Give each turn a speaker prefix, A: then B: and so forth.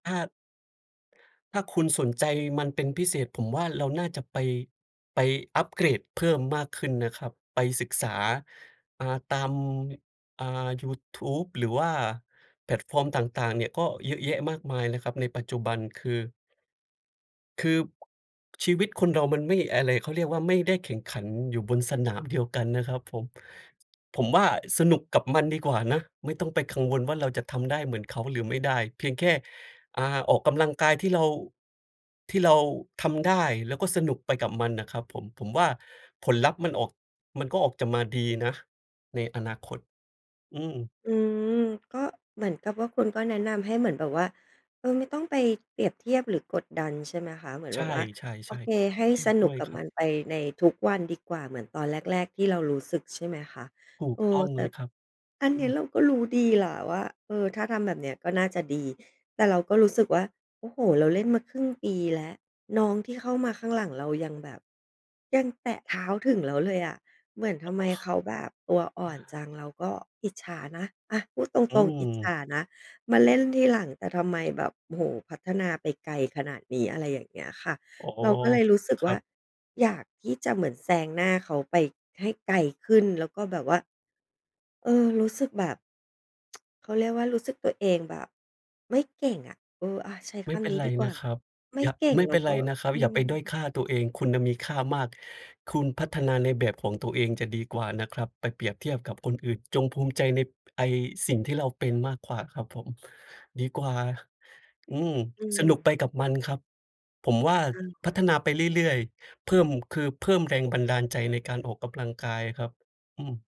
A: ถ้า ถ้าคุณสนใจมันเป็นพิเศษ ผมว่า เราน่าจะไป ไปอัปเกรดเพิ่มมากขึ้นนะครับ ไปศึกษา อ่า ตาม อ่า ยูทูบ หรือว่า แพลตฟอร์ม ต่าง ๆ เนี่ยก็เยอะแยะมากมายนะครับ ในปัจจุบันคือ คือ ชีวิตคนเรามันไม่ อะไร เขาเรียกว่า ไม่ได้แข่งขันอยู่บนสนามเดียวกันนะครับผม ผมว่า สนุกกับมันดีกว่านะ ไม่ต้องไปกังวลว่า เราจะทำได้เหมือนเขาหรือไม่ได้ เพียงแค่ อ่า ออกกำลังกายที่เรา ที่เราทำได้ แล้วก็สนุกไปกับมันน่ะครับผม ผมว่า ผลลัพธ์มันออก มันก็ออกจะมาดีนะ ในอนาคต อืม
B: อืม ก็เหมือนกับว่า คุณก็แนะนำให้เหมือนแบบว่า เออ ไม่ต้องไปเปรียบเทียบหรือกดดันใช่ไหมคะ เหมือน
A: ใช
B: แบบว่า โอ
A: ่
B: เค
A: ๆ
B: ให้
A: ๆ อื
B: ส
A: ม ด
B: นุ
A: ้
B: ก
A: วย
B: กับ
A: ครั
B: ม
A: บ
B: ันไปในทุกวันดีกว่า เหมือนตอนแรก ๆ ที่เรารู้สึกใช่ไหมคะ
A: ถู
B: เ
A: ก
B: ออ
A: ต้อง
B: แต
A: เ
B: ่
A: ลยครับ
B: อัน
A: อื
B: เนี้ย
A: ม
B: เราก็รู้ดีแหละว่า เออ ถ้าทำแบบเนี้ยก็น่าจะดี แต่เราก็รู้สึกว่า โอ้โฮ เราเล่นมาครึ่งปีแล้ว น้องที่เข้ามาข้างหลังเรายังแบบ ยังแตะเท้าถึงแล้วเลยอะ เหมือนทำไมเขาแบบตัวอ่อนจัง เราก็อิจฉานะ อะ พูดต
A: อื
B: รง ๆ อิจฉ
A: ม
B: านะ มาเล่นทีหลัง แต่ทำไมแบบ โอ้โฮ พัฒนาไปไกลขนาดนี้ อะไรอย่างเงี้ยค่ะ
A: อ๋อ
B: เราก็เลยรู้สึก
A: คร
B: ว
A: ั
B: ่า
A: บ
B: อยากที่จะเหมือนแซงหน้าเขาไปให้ไกลขึ้น แล้วก็แบบว่า เออ รู้สึกแบบ เขาเรียกว่า รู้สึกตัวเองแบบไม่เก่งอะ เออ อะ ใช้
A: ไ
B: ค
A: ม่เป
B: ำ
A: ็น
B: นี้
A: ไร
B: ดีกว
A: น
B: ่
A: ะ
B: า
A: ครับ
B: ไม
A: อ
B: ่
A: ย่า
B: เก่ง
A: ไม่
B: แล
A: เ
B: ้
A: ป็
B: ว
A: นไ
B: ก
A: ร
B: ็
A: นะครับ
B: อื
A: อย่าไปด้อย
B: ม
A: ค่าตัวเอง คุณน่ะมีค่ามาก คุณพัฒนาในแบบของตัวเองจะดีกว่านะครับไปเปรียบเทียบกับคนอื่น จงภูมิใจใน ไอ้ สิ่งที่เราเป็นมากกว่าครับผม ดีกว่า อืม
B: อื
A: สนุกไป
B: ม
A: กับมันครับ ผมว่า
B: อะ
A: พ
B: ฮ
A: ัฒนา
B: ะ
A: ไปเรื่อย ๆ เพิ่ม คือเพิ่มแรงบันดาลใจในการออกกำลังกายครับ อืม